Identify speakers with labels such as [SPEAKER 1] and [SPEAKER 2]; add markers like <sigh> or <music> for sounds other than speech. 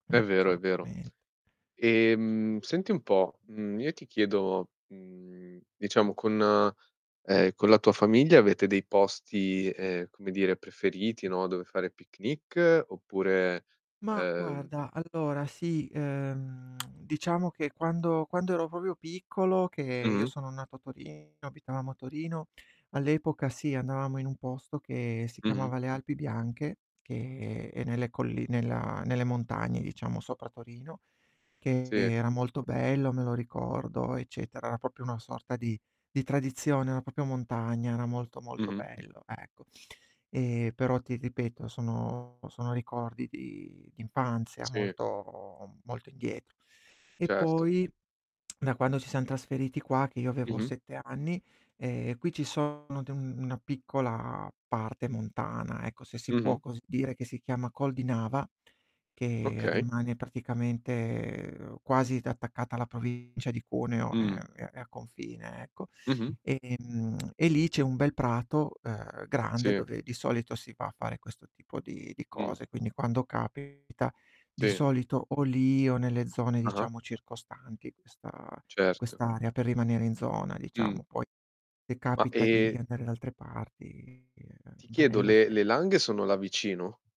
[SPEAKER 1] È vero, è vero.
[SPEAKER 2] Assolutamente.
[SPEAKER 1] Ehm, senti un po', mhmm, io ti chiedo, mhmm, diciamo con ehm, con la tua famiglia avete dei posti, ehm, come dire, preferiti, no, dove fare picnic, oppure,
[SPEAKER 2] Ma
[SPEAKER 1] ehm
[SPEAKER 2] guarda, allora sì, ehm, <clicks tongue> diciamo che quando quando ero proprio piccolo, che io
[SPEAKER 1] Mh-mh.
[SPEAKER 2] sono nato a Torino abitavamo a Torino, all'epoca sì, andavamo in un posto che si
[SPEAKER 1] Mh-mh.
[SPEAKER 2] chiamava Le Alpi Bianche, che è nelle colli nella nelle montagne, diciamo, sopra Torino, che
[SPEAKER 1] Sì.
[SPEAKER 2] era molto bello, me lo ricordo, eccetera. Era proprio una sorta di di tradizione, era proprio montagna, era molto, molto
[SPEAKER 1] Mh-mh.
[SPEAKER 2] bello, ecco. Ehm, però ti ripeto, sono sono ricordi di d'infanzia
[SPEAKER 1] Sì.
[SPEAKER 2] molto molto indietro. E
[SPEAKER 1] Certo.
[SPEAKER 2] poi <tsk> da quando ci siam trasferiti qua, che io avevo
[SPEAKER 1] Mh-mh.
[SPEAKER 2] 7 anni, ehm, qui ci sono de una piccola parte montana, ecco, se si può
[SPEAKER 1] Mh-mh.
[SPEAKER 2] così dire, che si chiama Col di Nava, che
[SPEAKER 1] Okay.
[SPEAKER 2] rimane praticamente quasi t attaccata alla provincia di Cuneo, ehm,
[SPEAKER 1] Mh.
[SPEAKER 2] è è a confine, ecco.
[SPEAKER 1] Mh-mh.
[SPEAKER 2] Ehm, <clicks tongue> e lì c'è un bel prato, uhm, grande
[SPEAKER 1] Sì.
[SPEAKER 2] dove, di solito, si va a fare questo tipo di di
[SPEAKER 1] Mh.
[SPEAKER 2] cose, quindi quando capita, di
[SPEAKER 1] Sì.
[SPEAKER 2] solito o lì o nelle zone,
[SPEAKER 1] Ah-ah.
[SPEAKER 2] diciamo, circostanti questa
[SPEAKER 1] Certo.
[SPEAKER 2] quest'area per rimanere in zona,
[SPEAKER 1] Mh.
[SPEAKER 2] diciamo. Poi se
[SPEAKER 1] Ma,
[SPEAKER 2] capita di
[SPEAKER 1] ehm
[SPEAKER 2] andare da altre parti, è
[SPEAKER 1] ti chiedo:
[SPEAKER 2] bello
[SPEAKER 1] le
[SPEAKER 2] se
[SPEAKER 1] le Langhe sono là vicino?